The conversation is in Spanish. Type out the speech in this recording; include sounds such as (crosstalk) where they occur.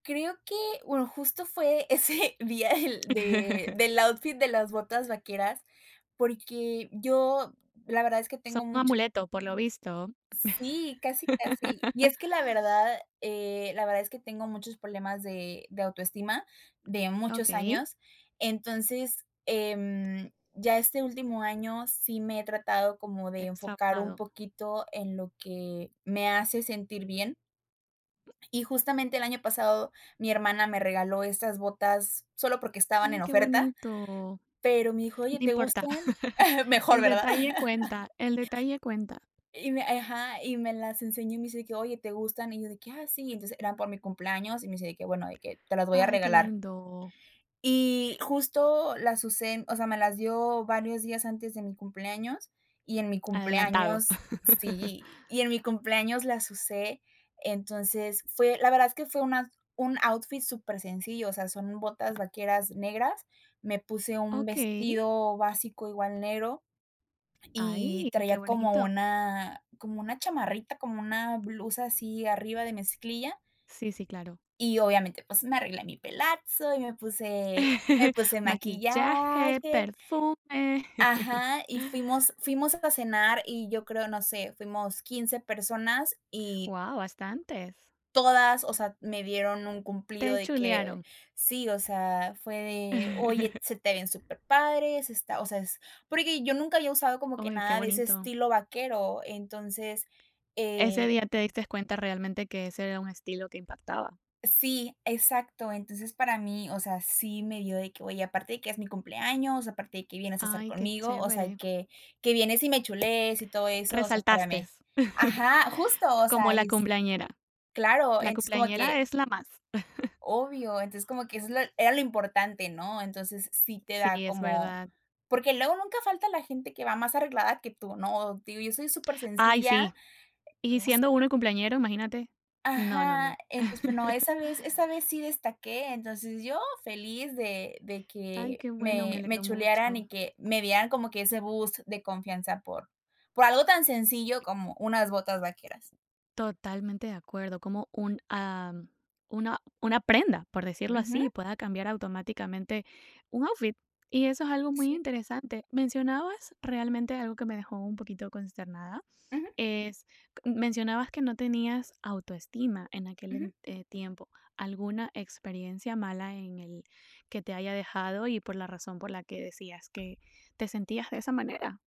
Creo que, bueno, justo fue ese día del de (chuckles) del outfit de las botas vaqueras, porque yo la verdad es que Son tengo mucho amuletos, por lo visto. Sí, casi, casi, y (laughs) es que la verdad la verdad es que tengo muchos problemas de de autoestima de muchos Okey. años, entonces, em, ya este último año sí me he tratado como de Extra enfocar un (unintelligible) poquito en lo que me hace sentir bien. Y justamente el año pasado, mi hermana me regaló estas botas solo porque estaban en Ay, qué oferta, bonito. pero me dijo: No "Oye, ¿te importa, gustan?" (chuckles) Mejor, el ¿verdad? detalle (chuckles) cuenta, el detalle cuenta. Y me, ajá, y me las enseñó y me dice que: "Oye, ¿te gustan?" Y yo de que: "Ah, sí", entonces, era por mi cumpleaños, y me dice de que: "Bueno, de que te las voy a Ay, qué regalar". lindo. Y justo las usé, o sea, me las dio varios días antes de mi cumpleaños, y en mi Adelantado. cumpleaños, (chuckles) sí, y en mi cumpleaños las usé. Entonces fue, la verdad es que fue una un outfit supersencillo, sea, son botas vaqueras negras. Me puse un Okey. vestido básico igual negro, y Ay, qué traía como bonito. una como una chamarrita, como una blusa así arriba de mezclilla Sí, sí, claro. y obviamente, pues me arreglé mi pelazo y me puse me (chuckles) puse Maquillaje, maquillaje. perfume. (chuckles) Ajá, y fuimos fuimos a cenar y yo creo, no sé, fuimos 15 personas y Wao, bastantes. todas, o sea, me dieron un cumplido Te de que chulearon. sí, o sea, fue de: "Oye, (chuckles) se te ven superpadres", está o sea, es, porque yo nunca había usado como que Oy, qué nada de ese bonito. estilo vaquero, entonces Ese eh día, te diste cuenta realmente que ese era un estilo que impactaba. Sí, exacto, entonces para mí, o sea, sí me dio de que, güey, aparte de que es mi cumpleaños, aparte de que vienes a estar Ay, qué conmigo, o sea, chévere. que que vienes y me chulees y todo eso, o sea, Resaltaste. párame. (chuckles) Ajá, justo, o Como sea, la y es cumpleañera. claro, La entonces como que cumpleañera es la más. (chuckles) obvio, entonces como que eso era lo importante, ¿no? Entonces, sí te Sí, da es como verdad. porque luego nunca falta la gente que va más arreglada que tú, ¿no? Digo, yo soy Ay, supersencilla sí. Y (unintelligible) siendo uno el cumpleañero, imagínate. No, no, Ajá. no. Entonces tú no (chuckles) esa vez esa vez sí destaqué, entonces yo feliz de de Ay, que qué bueno, me me me alegro chulearan mucho. y que me dieran como que ese boost de confianza por por algo tan sencillo como unas botas vaqueras. Totalmente de acuerdo, como un, ah, una una prenda, por decirlo Ujú. así, pueda cambiar automáticamente un outfit, y eso es algo muy Sí. interesante. Mencionabas, realmente, algo que me dejó un poquito consternada, Ujú. es, mencionabas que no tenías autoestima en aquel Ujú. ent tiempo, alguna experiencia mala en el que te haya dejado y por la razón por la que decías que te sentías de esa manera.